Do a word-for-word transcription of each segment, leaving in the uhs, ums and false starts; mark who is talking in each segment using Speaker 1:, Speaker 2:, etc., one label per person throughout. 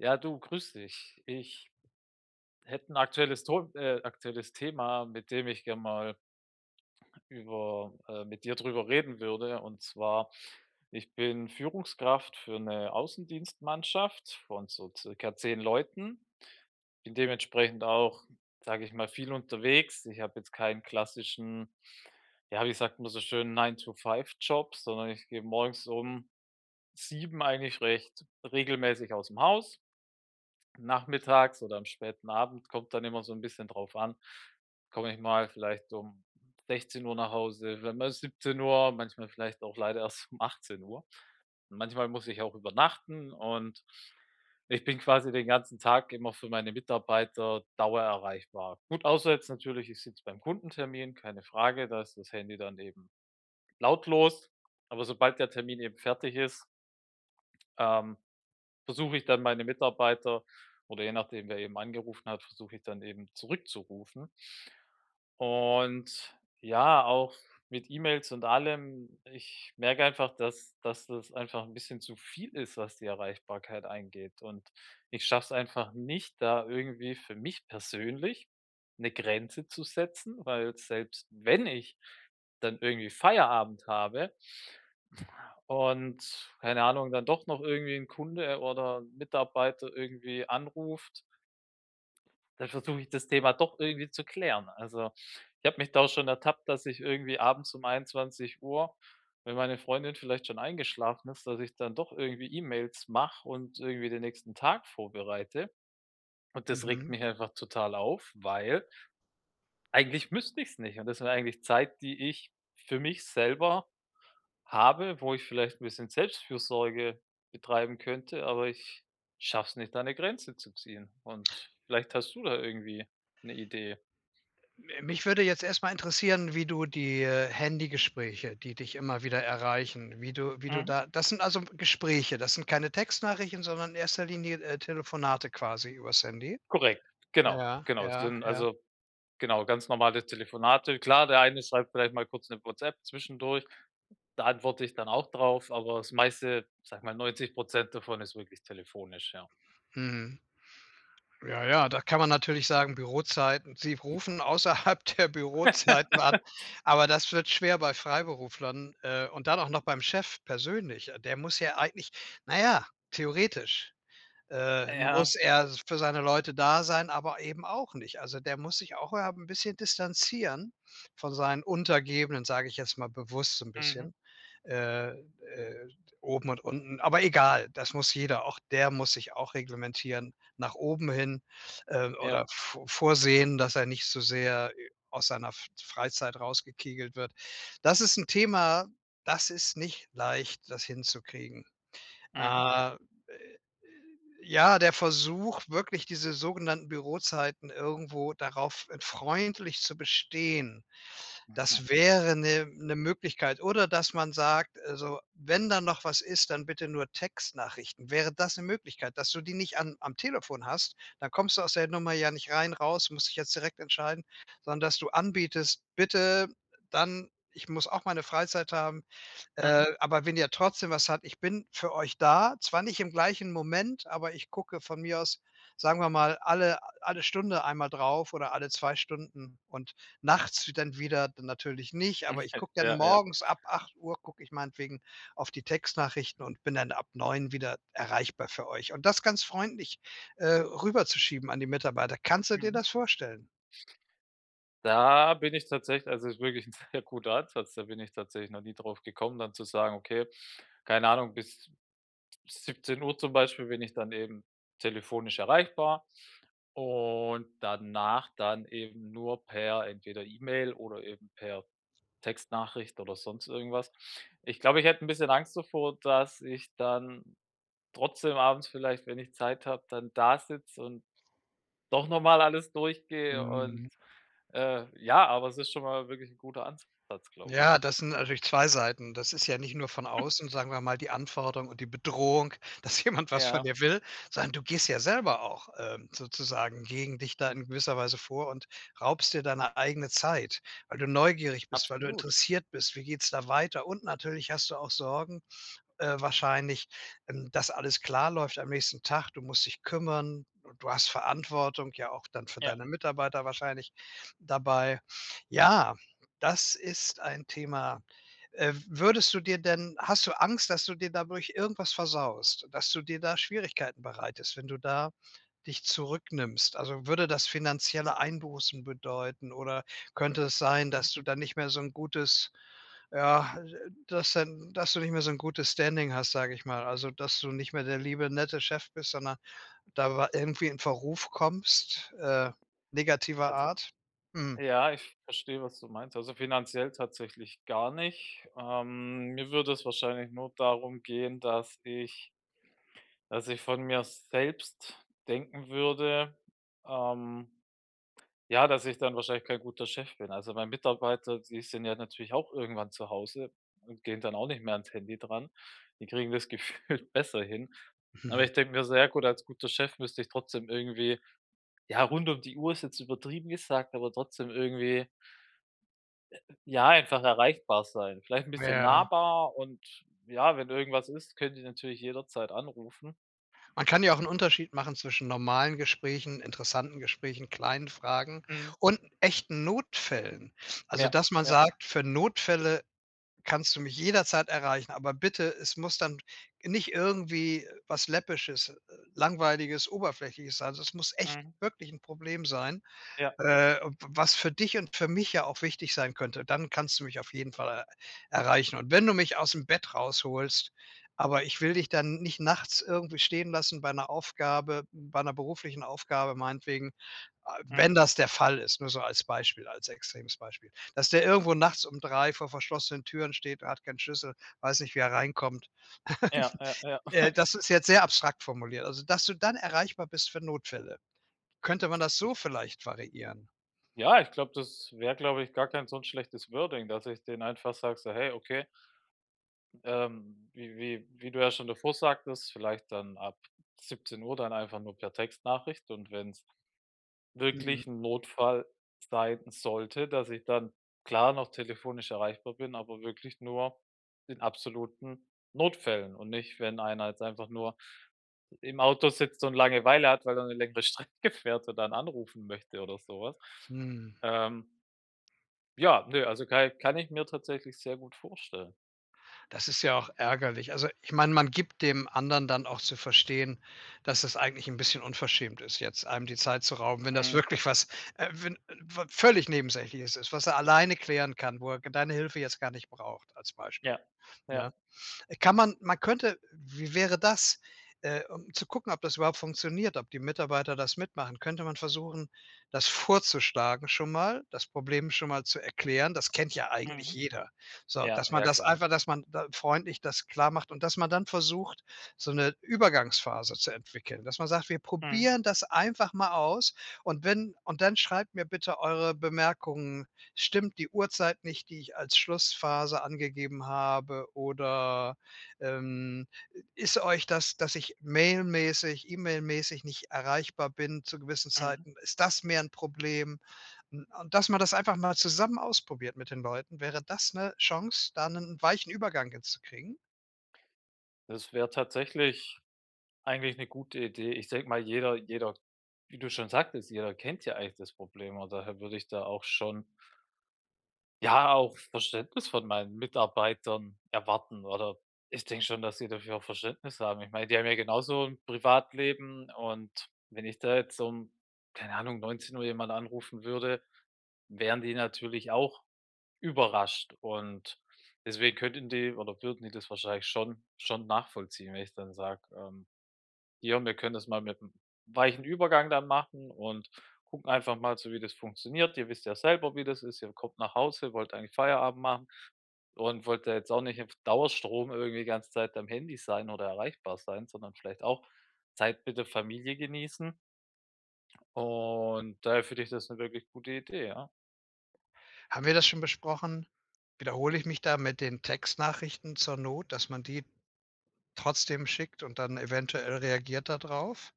Speaker 1: Ja, du, grüße dich. Ich hätte 'n aktuelles Ton äh, aktuelles Thema, mit dem ich gerne mal über, äh mit dir darüber reden würde. Und zwar: Ich bin Führungskraft für 'ne Außendienstmannschaft von so circa zehn Leuten. Bin dementsprechend auch, sage ich mal, viel unterwegs. Ich habe jetzt keinen klassischen- ja, wie sagt man so schön- Nine-to-five-Job, sondern ich gehe morgens um sieben eigentlich recht regelmäßig aus dem Haus. Nachmittags oder am späten Abend kommt dann immer so 'n bisschen drauf an, komme ich mal vielleicht um sechzehn Uhr nach Hause, w mal siebzehn Uhr, manchmal vielleicht auch leider erst um achtzehn Uhr. Manchmal muss ich auch übernachten und ich bin quasi den ganzen Tag immer für meine Mitarbeiter dauererreichbar. Gut, außer jetzt natürlich, ich sitze beim Kundentermin, keine Frage, da ist das Handy dann eben lautlos. Aber sobald der Termin eben fertig ist ähm, versuche ich dann meine Mitarbeiter oder je nachdem, wer eben angerufen hat, versuche ich dann eben zurückzurufen. Und, ja, auch mit E-Mails und allem, ich merke einfach, dass dass das einfach 'n bisschen zu viel ist, was die Erreichbarkeit eingeht. Und, ich schaffe es einfach nicht da irgendwie für mich persönlich 'ne Grenze zu setzen, weil selbst wenn ich dann irgendwie Feierabend habe und keine Ahnung, dann doch noch irgendwie 'n Kunde oder Mitarbeiter irgendwie anruft dann versuche ich das Thema doch irgendwie zu klären. Also, ich habe mich da schon ertappt, dass ich irgendwie abends um einundzwanzig Uhr, wenn meine Freundin vielleicht schon eingeschlafen ist, dass ich dann doch irgendwie E-Mails mache und irgendwie den nächsten Tag vorbereite. Und das regt
Speaker 2: Mhm.
Speaker 1: mich einfach total auf, weil eigentlich müsste ich es nicht. Und das wäre eigentlich Zeit, die ich für mich selber habe, wo ich vielleicht 'n bisschen Selbstfürsorge betreiben könnte. Aber ich schaffe es nicht, da 'ne Grenze zu ziehen. Und vielleicht hast du da irgendwie 'ne Idee.
Speaker 2: M äh, mich würde jetzt erst mal interessieren, wie du die, äh, Handy-Gespräche, die dich immer wieder erreichen, wie du wie du
Speaker 1: Mhm.
Speaker 2: da das sind also Gespräche. Das sind keine Textnachrichten, sondern in erster Linie, äh, Telefonate quasi übers Handy.
Speaker 1: Korrekt. Genau,
Speaker 2: Ja,
Speaker 1: genau.
Speaker 2: ja,
Speaker 1: Sind,
Speaker 2: ja.
Speaker 1: also, genau, ganz normale Telefonate. Klar, der eine schreibt vielleicht mal kurz 'ne WhatsApp zwischendurch, da antworte ich dann auch drauf, aber das meiste, ich sage mal, neunzig Prozent davon ist wirklich telefonisch, ja.
Speaker 2: Mhm. Ja, ja, da kann man natürlich sagen, Bürozeiten. Sie rufen außerhalb der Bürozeiten an. Aber das wird schwer bei Freiberuflern, äh, und dann auch noch beim Chef persönlich. Der muss ja eigentlich na ja, theoretisch, äh,
Speaker 1: Äh, ja.
Speaker 2: muss er für seine Leute da sein, aber eben auch nicht. Also, der muss sich auch, äh, 'n bisschen distanzieren von seinen Untergebenen, sage ich jetzt mal bewusst so 'n
Speaker 1: Mhm.
Speaker 2: bisschen, äh, äh, oben und unten. Aber egal, das muss jeder auch der muss sich auch reglementieren nach oben hin, äh,
Speaker 1: Ja.
Speaker 2: oder vor vorsehen, dass er nicht so sehr, äh, aus seiner F Freizeit rausgekegelt wird. Das ist 'n Thema, das ist nicht leicht, das hinzukriegen.
Speaker 1: Mhm.
Speaker 2: Ähm, äh, äh, ja, der Versuch, wirklich diese sogenannten Bürozeiten irgendwo darauf freundlich zu bestehen.
Speaker 1: Mhm.
Speaker 2: Das wäre 'ne 'ne Möglichkeit, oder dass man sagt: „Also, wenn da noch was ist, dann bitte nur Textnachrichten.“ Wäre das 'ne Möglichkeit, dass du die nicht an am Telefon hast, dann kommst du aus der Nummer ja nicht rein, raus, musst dich jetzt direkt entscheiden. Sondern dass du anbietest: „Bitte dann ich muss auch meine Freizeit haben, äh,
Speaker 1: Mhm.
Speaker 2: aber wenn ihr trotzdem was habt, ich bin für euch da. Zwar nicht im gleichen Moment, aber ich gucke von mir aus, sagen wir mal, alle a alle Stunde einmal drauf oder alle zwei Stunden und nachts w dann wieder natürlich nicht. Aber ich
Speaker 1: [unintelligible]
Speaker 2: gucke dann
Speaker 1: Ja, ja.
Speaker 2: morgens ab acht Uhr gucke ich meinetwegen auf die Textnachrichten und bin dann ab neun wieder erreichbar für euch.“ Und das ganz freundlich, äh, rüberzuschieben an die Mitarbeiter. Kannst du dir
Speaker 1: Mhm.
Speaker 2: das vorstellen?
Speaker 1: Da bin ich tatsächlich also, es ist wirklich ein sehr guter Ansatz, da bin ich tatsächlich noch nie darauf gekommen, dann zu sagen: „Okay, keine Ahnung, bis d siebzehn Uhr zum Beispiel bin ich dann eben telefonisch erreichbar und danach dann eben nur per entweder E-Mail oder eben per Textnachricht oder sonst irgendwas. Ich glaube, ich hätte 'n bisschen Angst davor, dass ich dann trotzdem abends vielleicht, wenn ich Zeit habe, dann da sitze und doch nochmal alles durchgehe und,
Speaker 2: Mhm.
Speaker 1: äh ja, aber es ist schon mal wirklich 'n guter Ansatz, glaube ich.
Speaker 2: Ja, das sind natürlich zwei Seiten. Das ist ja nicht nur von außen, sagen wir mal, die Anforderung und die Bedrohung, dass jemand was von
Speaker 1: Ja.
Speaker 2: dir will, sondern du gehst ja selber auch, ähm, sozusagen gegen dich da in gewisser Weise vor und raubst dir deine eigene Zeit. Weil du neugierig bist, weil du
Speaker 1: Absolut.
Speaker 2: interessiert bist, wie geht's da weiter? Und natürlich hast du auch Sorgen, äh, wahrscheinlich, ähm, dass alles klar läuft am nächsten Tag. Du musst dich kümmern und du hast Verantwortung, ja, auch dann für
Speaker 1: Ja.
Speaker 2: deine Mitarbeiter wahrscheinlich dabei. Ja, das ist ein Thema. Äh, würdest du dir denn hast du Angst, dass du dir dadurch irgendwas versaust? Dass du dir da Schwierigkeiten bereitest, wenn du da dich zurücknimmst? Also, würde das finanzielle Einbußen bedeuten? Oder könnte es sein,
Speaker 1: Mhm.
Speaker 2: dass du da nicht mehr so 'n gutes, ja, äh, äh dass dann dass du nicht mehr so ein gutes Standing hast, sage ich mal. Also, dass du nicht mehr der liebe nette Chef bist, sondern da war irgendwie in Verruf kommst, äh, negativer
Speaker 1: Also
Speaker 2: Art? Mhm.
Speaker 1: Ja, ich verstehe, was du meinst. Also, finanziell tatsächlich gar nicht. Ähm, mir würde es wahrscheinlich nur darum gehen, dass ich dass ich von mir selbst denken würde, ähm, ja, dass ich dann wahrscheinlich kein guter Chef bin. Also, mein Mitarbeiter, die sind ja natürlich auch irgendwann zu Hause und gehen dann auch nicht mehr ans Handy dran. Die kriegen das gefühlt besser hin. Aber ich denke mir, sehr gut als guter Chef müsste ich trotzdem irgendwie ja, rund um die Uhr ist jetzt übertrieben gesagt, aber trotzdem irgendwie ja, einfach erreichbar sein. Vielleicht ein bisschen
Speaker 2: Ja.
Speaker 1: nahbar und ja, wenn irgendwas ist, können die natürlich jederzeit anrufen.
Speaker 2: Man kann ja auch 'n Unterschied machen zwischen normalen Gesprächen, interessanten Gesprächen, kleinen Fragen
Speaker 1: Mhm.
Speaker 2: und echten Notfällen. Also,
Speaker 1: Ja,
Speaker 2: dass man
Speaker 1: ja.
Speaker 2: sagt: „Für Notfälle kannst du mich jederzeit erreichen. Aber bitte, es muss dann nicht irgendwie was Läppisches, äh, Langweiliges, Oberflächliches sein, son es muss echt
Speaker 1: Mhm.
Speaker 2: wirklich 'n Problem sein,
Speaker 1: Ja.
Speaker 2: äh, w was für dich und für mich ja auch wichtig sein könnte. Dann kannst du mich auf jeden Fall er erreichen. Und wenn du mich aus'm Bett rausholst. Aber ich will dich dann nicht nachts irgendwie stehen lassen bei 'ner Aufgabe bei 'ner beruflichen Aufgabe meinetwegen“ Äh, wenn
Speaker 1: Mhm.
Speaker 2: das der Fall ist, nur so als Beispiel, als extremes Beispiel, dass der irgendwo nachts um drei vor verschlossenen Türen steht und hat keinen Schlüssel, weiß nicht, wie er reinkommt.
Speaker 1: Ja, ja, ja.
Speaker 2: Äh, das ist jetzt sehr abstrakt formuliert. Also, dass du dann erreichbar bist für Notfälle. Könnte man das so
Speaker 1: Ich
Speaker 2: vielleicht variieren?
Speaker 1: Ja, ich glaube das wäre, glaube ich, gar kein so schlechtes Wording, dass ich denen einfach sage, so: „Hey, okay“ ähm, wie wie wie du ja schon davor sagtest, vielleicht dann ab siebzehn Uhr dann einfach nur per Textnachricht und wenn es
Speaker 2: Mhm.
Speaker 1: wirklich 'n Notfall sein sollte, dass ich dann, klar, noch telefonisch erreichbar bin, aber wirklich nur in absoluten Notfällen. Und nicht, wenn einer jetzt einfach nur im Auto sitzt und Langeweile hat, weil er 'ne längere Strecke fährt und dann anrufen möchte oder sowas,
Speaker 2: Mhm.
Speaker 1: ähm. Ja, ne, also, kei kann ich mir tatsächlich sehr gut vorstellen.
Speaker 2: Das ist ja auch ärgerlich. Also, ich meine, man gibt dem anderen dann auch zu verstehen, dass es eigentlich 'n bisschen unverschämt ist, jetzt einem die Zeit zu rauben. Wenn das
Speaker 1: Mhm.
Speaker 2: wirklich was, äh, wenn n wa völlig Nebensächliches ist, was er alleine klären kann, wo er g deine Hilfe jetzt gar nicht braucht, als Beispiel,
Speaker 1: Ja,
Speaker 2: ne?
Speaker 1: ja.
Speaker 2: Äh, kann man man könnte wie wäre das? Äh, um zu gucken, ob das überhaupt funktioniert, ob die Mitarbeiter das mitmachen, könnte man versuchen, das vorzuschlagen, schon mal, das Problem schon mal zu erklären. Das kennt ja eigentlich
Speaker 1: Mhm.
Speaker 2: jeder. So,
Speaker 1: Ja,
Speaker 2: dass man
Speaker 1: ja,
Speaker 2: das
Speaker 1: klar.
Speaker 2: einfach dass man da freundlich das klar macht. Und dass man dann versucht, so 'ne Übergangsphase zu entwickeln, dass man sagt: „Wir
Speaker 1: Mhm.
Speaker 2: probieren das einfach mal aus. Und wenn und dann schreibt mir bitte eure Bemerkungen. Stimmt die Uhrzeit nicht, die ich als Schlussphase angegeben habe? Oder, ähm, ist euch das, dass ich mailmäßig, E-Mail-mäßig nicht erreichbar bin, zu gewissen
Speaker 1: Mhm.
Speaker 2: Zeiten, ist das mehr 'n Problem?“ N und dass man das einfach mal zusammen ausprobiert mit den Leuten. Wäre das 'ne Chance, da 'nen weichen Übergang hinzukriegen?
Speaker 1: Das wäre tatsächlich eigentlich 'ne gute Idee. Ich denke mal, jeder jeder wie du schon sagtest, jeder kennt ja eigentlich das Problem, und daher würde ich da auch schon ja, auch Verständnis von meinen Mitarbeitern erwarten, oder ich denke schon, dass sie dafür auch Verständnis haben. Ich meine, die haben ja genauso 'n Privatleben und wenn ich da jetzt um keine Ahnung, neunzehn Uhr jemanden anrufen würde, wären die natürlich auch überrascht. Und deswegen könnten die oder würden die das wahrscheinlich schon schon nachvollziehen, wenn ich dann sage, ähm: „Hier, wir können das mal mit 'm weichen Übergang dann machen und gucken einfach mal so, wie das funktioniert. Ihr wisst ja selber, wie das ist. Ihr kommt nach Hause, wollt eigentlich Feierabend machen und wollt da jetzt auch nicht auf Dauerstrom irgendwie die ganze Zeit am Handy sein oder erreichbar sein, sondern vielleicht auch Zeit mit der Familie genießen. Und, daher finde ich das 'ne wirklich gute Idee, ja.
Speaker 2: Haben wir das schon besprochen? Wiederhole ich mich da mit den Textnachrichten zur Not, dass man die trotzdem schickt und dann eventuell reagiert da drauf?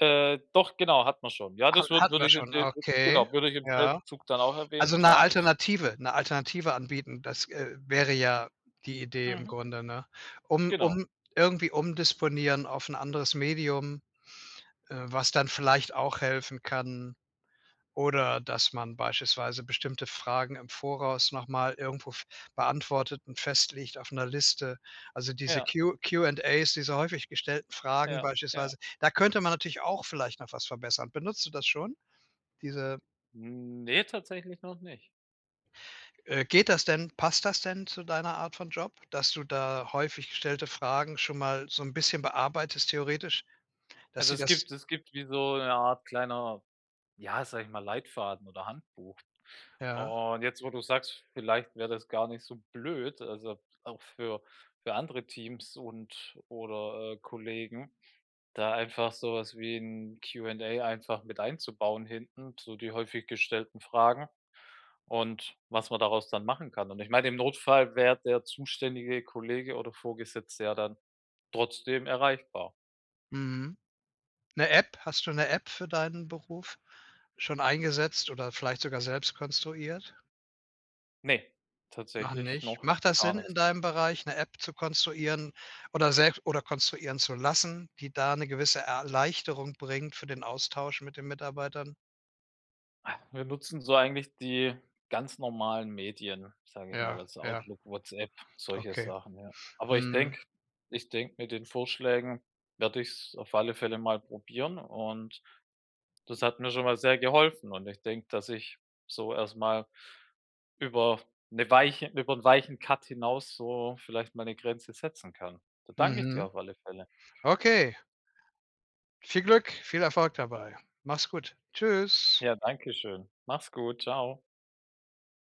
Speaker 1: Äh, doch, genau, hatten wir schon. Ja,
Speaker 2: Hat
Speaker 1: das wür
Speaker 2: hatten wir
Speaker 1: würde ich in
Speaker 2: schon,
Speaker 1: de
Speaker 2: okay,
Speaker 1: genau, würde ich im selben
Speaker 2: ja.
Speaker 1: Zug dann auch erwähnen.
Speaker 2: Also, 'ne
Speaker 1: Klar, ich
Speaker 2: Alternative 'ne Alternative anbieten, das, äh, wäre ja die Idee im
Speaker 1: Mhm.
Speaker 2: Grunde, ne? Um
Speaker 1: Genau.
Speaker 2: um irgendwie umdisponieren auf 'n anderes Medium, äh, was dann vielleicht auch helfen kann. Oder dass man beispielsweise bestimmte Fragen im Voraus noch mal irgendwo f beantwortet und festlegt auf 'ne Liste, also, diese
Speaker 1: Ja.
Speaker 2: Q Q&As, diese häufig gestellten Fragen
Speaker 1: Ja, ja.
Speaker 2: beispielsweise, da könnte man natürlich auch vielleicht noch was verbessern. Benutzt du das schon? Diese
Speaker 1: Hm, ne, tatsächlich noch nicht.
Speaker 2: Äh, geht das denn? Passt das denn zu deiner Art von Job, dass du da häufig gestellte Fragen schon mal so 'n bisschen bearbeitest theoretisch? Dass
Speaker 1: Also,
Speaker 2: sie
Speaker 1: es
Speaker 2: das
Speaker 1: gibt es gibt wie so 'ne Art kleiner, ja, sage ich mal, Leitfaden oder Handbuch.
Speaker 2: Ja.
Speaker 1: Und jetzt, wo du's sagst, vielleicht wäre das gar nicht so blöd. Also, auch für für andere Teams und oder, äh, Kollegen, da einfach sowas wie 'n Q&A einfach mit einzubauen hinten, so die häufig gestellten Fragen und was man daraus dann machen kann. Und ich meine, im Notfall wär der zuständige Kollege oder Vorgesetzte ja dann trotzdem erreichbar.
Speaker 2: Mhm. 'Ne App, hast du 'ne App für deinen Beruf schon eingesetzt oder vielleicht sogar selbst konstruiert?
Speaker 1: Ne,
Speaker 2: Noch
Speaker 1: tatsächlich
Speaker 2: nicht.
Speaker 1: noch
Speaker 2: Macht das
Speaker 1: gar
Speaker 2: Sinn,
Speaker 1: nichts.
Speaker 2: in deinem Bereich 'ne App zu konstruieren oder selbst oder konstruieren zu lassen, die da 'ne gewisse Erleichterung bringt für den Austausch mit den Mitarbeitern?
Speaker 1: Wir nutzen so eigentlich die ganz normalen Medien, sage ich mal,
Speaker 2: Ja,
Speaker 1: also
Speaker 2: ja.
Speaker 1: Outlook, WhatsApp, solche
Speaker 2: Okay,
Speaker 1: Sachen, ja. Aber ich
Speaker 2: mhm.
Speaker 1: denke ich denke, mit den Vorschlägen werde ich's auf alle Fälle mal probieren und das hat mir schon mal sehr geholfen. Und ich denke, dass ich so erstmal über 'ne weiche über 'n weichen Cut hinaus so vielleicht meine Grenze setzen kann. Da danke ich dir
Speaker 2: Mhm,
Speaker 1: auf alle Fälle.
Speaker 2: okay. Viel Glück. Viel Erfolg dabei. Mach's gut. Tschüss.
Speaker 1: Ja, dankeschön. Mach's gut. Tschau.